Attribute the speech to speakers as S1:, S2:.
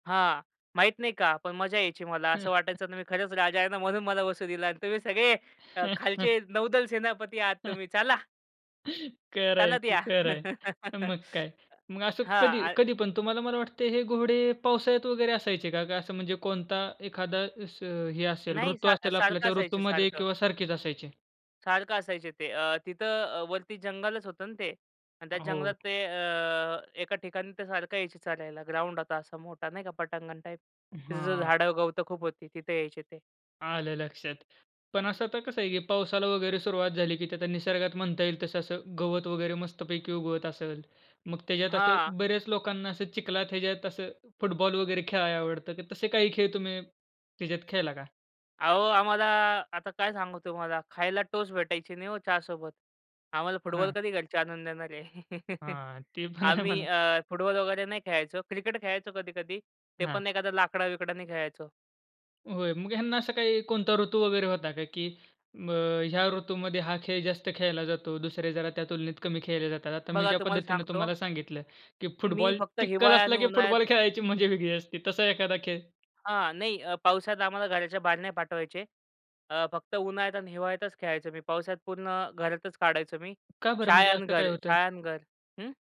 S1: हां. माहीत नाही, का? पण मजा यायची मला. असं वाटायचं ना मी खरंच राजा आहे ना म्हणून मला बसू दिला आणि तुम्ही सगळे अ, खालचे नौदल सेनापती आहात तुम्ही. चला.
S2: खरं आहे
S1: चालत
S2: की,
S1: या.
S2: खरं आहे. मग काय? मग असं
S1: हां
S2: कधी
S1: आ
S2: कधी पण तुम्हाला मला वाटतं हे घोडे पावसाळ्यात वगैरे असायचे का? का असं म्हणजे कोणता एखादा असं हे असेल
S1: नाही
S2: ऋतू
S1: सा
S2: असेल आपला,
S1: सारखं
S2: त्या
S1: असायचे,
S2: ऋतूमध्ये
S1: सारखं.
S2: किंवा सारखेच असायचे?
S1: सारखं असायचे ते. अ, तिथं अ, वरती जंगलच होतं ना ते आणि त्या जंगलात
S2: हो.
S1: ते अ, एका ठिकाणी ते सारखं यायचे चालायला. ग्राउंड आता असा मोठा नाही का पटांगण टाइप. तिथं ते
S2: हां.
S1: झाडं गवतं खूप होती. तिथे यायचे ते.
S2: आलं लक्षात. पण असं आता कसं आहे की पावसाला वगैरे सुरुवात झाली की ते आता निसर्गात म्हणता येईल तसं असं गवत वगैरे मस्तपैकी उगवत असेल. मग त्याच्यात असं
S1: हां.
S2: बऱ्याच लोकांना असं चिखलात, ह्याच्यात असं फुटबॉल वगैरे खेळायला आवडतं. तर तसे काही खेळ तुम्ही त्याच्यात खेळला का?
S1: अहो आम्हाला आता काय सांगू तुम्हाला? खायला टोस्ट भेटायची नाही ओ चहा सोबत. आम्हाला फुटबॉल
S2: हां.
S1: कधी घरचे आणून देणार आहे.
S2: हां. ते पण आहे
S1: आम्ही
S2: म्हणा.
S1: अ, फुटबॉल वगैरे नाही खेळायचो. क्रिकेट खेळायचो कधी-कधी. ते
S2: हां.
S1: पण एखादा लाकडा-बिकडानी खेळायचो.
S2: होय. मग ह्यांना असं काय कोणता ऋतू वगैरे होता का, की अ, ह्या ऋतूमध्ये हा खेळ जास्त खेळला जातो. दुसरे जरा त्या तुलनेत कमी खेळले जातात. आता मी
S1: बघा
S2: ज्या
S1: तुम्हाला
S2: पद्धतीने
S1: सांगतो.
S2: तुम्हाला सांगितलं की
S1: मी
S2: फुटबॉल,
S1: फक्त
S2: चिखल
S1: हिवाळा
S2: असला
S1: आणि
S2: की
S1: उन्हाळ्यात
S2: फुटबॉल खेळायची मजा वेगळी असते. तसा एखादा खेळ?
S1: हां. नाही अ, पावसाळ्यात आम्हाला घराच्या बाहेर नाही पाठवायचे. अ, फक्त उन्हाळ्यात आणि हिवाळ्यातच खेळायचो मी. पावसात पूर्ण घरातच काढायचो मी.
S2: का बरं म्हणजे
S1: शाळा आणि
S2: असं
S1: घर,
S2: काय होतं?
S1: शाळा आणि घर. हं.